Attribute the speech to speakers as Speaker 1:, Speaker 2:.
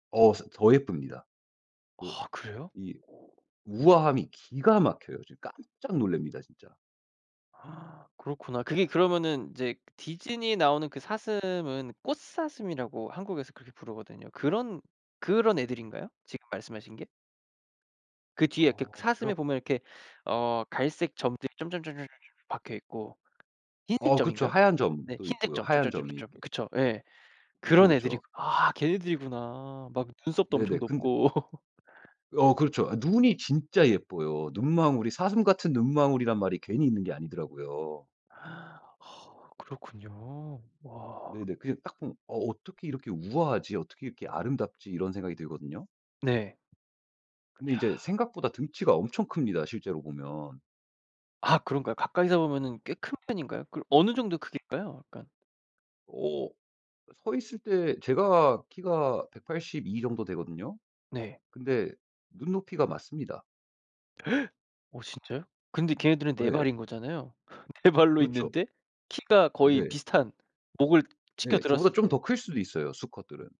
Speaker 1: 어 스 더 예쁩니다. 그
Speaker 2: 아 그래요?
Speaker 1: 이 우아함이 기가 막혀요. 지금 깜짝 놀랍니다 진짜.
Speaker 2: 그렇구나. 그게 그러면은 이제 디즈니에 나오는 그 사슴은 꽃사슴이라고 한국에서 그렇게 부르거든요. 그런 그런 애들인가요? 지금 말씀하신 게? 그 뒤에 이렇게
Speaker 1: 어 걔가
Speaker 2: 사슴에 보면 이렇게 어 갈색 점들이 점점점점점점점 박혀있고 흰색
Speaker 1: 어 그쵸.
Speaker 2: 점인가요?
Speaker 1: 하얀
Speaker 2: 네
Speaker 1: 점도
Speaker 2: 흰색
Speaker 1: 있고요.
Speaker 2: 점,
Speaker 1: 하얀 점이
Speaker 2: 점점점점점
Speaker 1: 이렇게
Speaker 2: 그쵸? 예
Speaker 1: 그쵸,
Speaker 2: 그런 애들이
Speaker 1: 그쵸.
Speaker 2: 아 걔네들이구나. 막 눈썹도 엄청
Speaker 1: 네네. 근데
Speaker 2: 높고.
Speaker 1: 어 그렇죠. 아 눈이 진짜 예뻐요. 눈망울이 사슴 같은 눈망울이란 말이 괜히 있는 게 아니더라고요.
Speaker 2: 그렇군요. 와.
Speaker 1: 네네. 그냥 딱 보면 '어 어떻게 이렇게 우아하지? 어떻게 이렇게 아름답지?' 이런 생각이 들거든요.
Speaker 2: 네.
Speaker 1: 근데
Speaker 2: 야.
Speaker 1: 이제 생각보다 덩치가 엄청 큽니다 실제로 보면.
Speaker 2: 아 그런가요? 가까이서 보면은 꽤 큰 편인가요? 그 어느 정도 크기일까요 약간?
Speaker 1: 어 서 있을 때 제가 키가 182 정도 되거든요.
Speaker 2: 네.
Speaker 1: 근데 눈높이가 맞습니다.
Speaker 2: 어 진짜요? 근데 걔네들은
Speaker 1: 어
Speaker 2: 4
Speaker 1: 예.
Speaker 2: 발인 거잖아요? 4 발로
Speaker 1: 그렇죠.
Speaker 2: 있는데 키가 거의
Speaker 1: 네.
Speaker 2: 비슷한 목을
Speaker 1: 네. 저보다
Speaker 2: 치켜들었을
Speaker 1: 좀
Speaker 2: 때.
Speaker 1: 더 클 수도 있어요 수컷들은.